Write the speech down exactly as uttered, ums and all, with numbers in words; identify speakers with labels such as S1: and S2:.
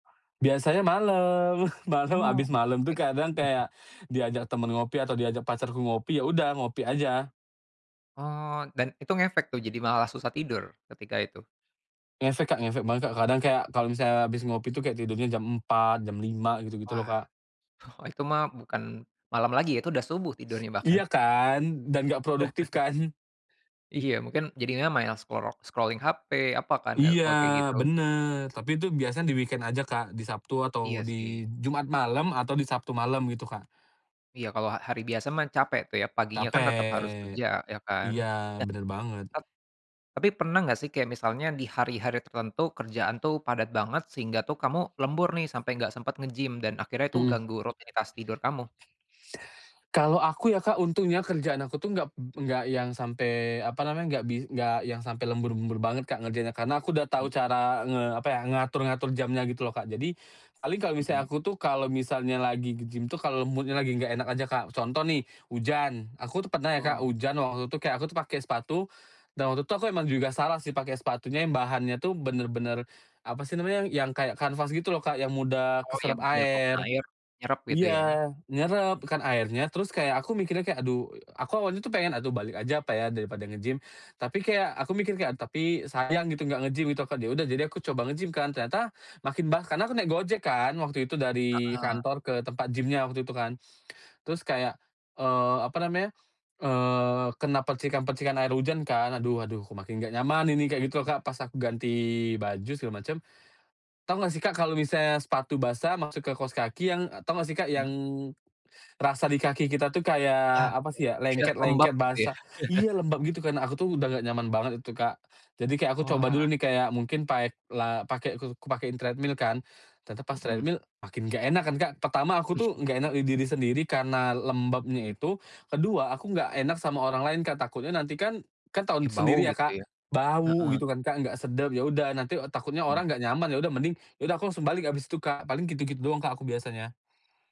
S1: Biasanya malem malam
S2: Oh
S1: abis
S2: oke.
S1: malem tuh kadang kayak, diajak teman ngopi atau diajak pacarku ngopi ya udah ngopi aja.
S2: Oh dan itu ngefek tuh jadi malah susah tidur ketika itu.
S1: Ngefek Kak ngefek banget Kak kadang kayak kalau misalnya habis ngopi tuh kayak tidurnya jam empat jam lima gitu gitu loh
S2: Wah,
S1: Kak.
S2: oh itu mah bukan malam lagi ya itu udah subuh tidurnya bahkan.
S1: Iya kan dan gak produktif kan.
S2: Iya mungkin jadinya main scorol scrolling hape apa kan
S1: Iya
S2: kalau kayak gitu.
S1: bener tapi itu biasanya di-weekend aja Kak di Sabtu atau
S2: Iya
S1: di
S2: sih.
S1: Jumat malam atau di Sabtu malam gitu Kak.
S2: Iya kalau ha hari biasa mah capek tuh ya paginya kan tetap harus kerja
S1: Capek,
S2: ya kan,
S1: iya
S2: nah,
S1: bener banget.
S2: et tapi pernah gak sih kayak misalnya di hari-hari tertentu kerjaan tuh padat banget sehingga tuh kamu lembur nih sampai gak sempet nge-gym dan akhirnya itu
S1: Mhm.
S2: ganggu rutinitas tidur kamu.
S1: Kalau aku ya Kak untungnya kerjaan aku tuh gap gak yang sampe apa namanya gak bis gak yang sampai lembur-lembur banget Kak ngerjainnya karena aku udah tahu
S2: Hmm.
S1: cara nge apa ya ngatur-ngatur jamnya gitu loh Kak jadi, paling kalau misal
S2: Mhm.
S1: aku tuh kalau misalnya lagi ke-gym tuh kalau mood-nya lagi gak enak aja Kak, contoh nih hujan aku tuh pernah ya Kak
S2: Oh.
S1: hujan waktu itu kayak aku tuh pakai sepatu, dan waktu itu aku emang juga salah sih pakai sepatunya yang bahannya tuh bener-bener, apa sih namanya yang kayak kanvas gitu loh Kak yang mudah
S2: Oh yang
S1: keserap
S2: dia kalau kena
S1: air,
S2: air nyerep gitu ya.
S1: iya nyerap kan airnya terus kayak aku mikirnya kayak aduh aku awalnya tuh pengen aduh balik aja apa ya daripada nge-gym tapi kayak aku mikir kayak tapi sayang gitu gak nge-gym itu kan ya udah jadi aku coba nge-gym kan ternyata, makin bah karena aku naik Gojek kan waktu itu dari
S2: Heeh.
S1: kantor ke tempat gym-nya waktu itu kan, terus kayak, eee, apa namanya, eee kena percikan-percikan air hujan kan. Aduh aduh kok makin gak nyaman ini kayak gitu loh Kak pas aku ganti baju segala macem, tahu nggak sih Kak kalau misalnya sepatu basah masuk ke kaus kaki yang tau gak sih yang,
S2: Mhm.
S1: rasa di kaki kita tuh
S2: Iya
S1: kayak apa
S2: iya
S1: sih ya
S2: kayak
S1: lengket
S2: lembab
S1: lengket
S2: gitu ya.
S1: basah. Iya lembab gitu karena aku tuh udah gak nyaman banget itu Kak, jadi kayak aku coba dulu
S2: Wah.
S1: nih kayak mungkin paek la pakai ku ku pakein treadmill kan, ternyata pas
S2: Mhm.
S1: treadmill makin gak enak kan Kak pertama aku tuh gak enak di diri sendiri karena lembabnya
S2: Mhm.
S1: itu kedua aku gak enak sama orang lain Kak takutnya nanti kan kan tau
S2: Ya bau
S1: sendiri ya
S2: gitu
S1: Kak.
S2: ya,
S1: Bau
S2: heeh.
S1: gitu kan Kak gak sedap ya udah nanti takutnya
S2: Iya.
S1: orang gak nyaman ya udah mending ya udah aku langsung balik abis itu Kak paling gitu gitu doang Kak aku biasanya.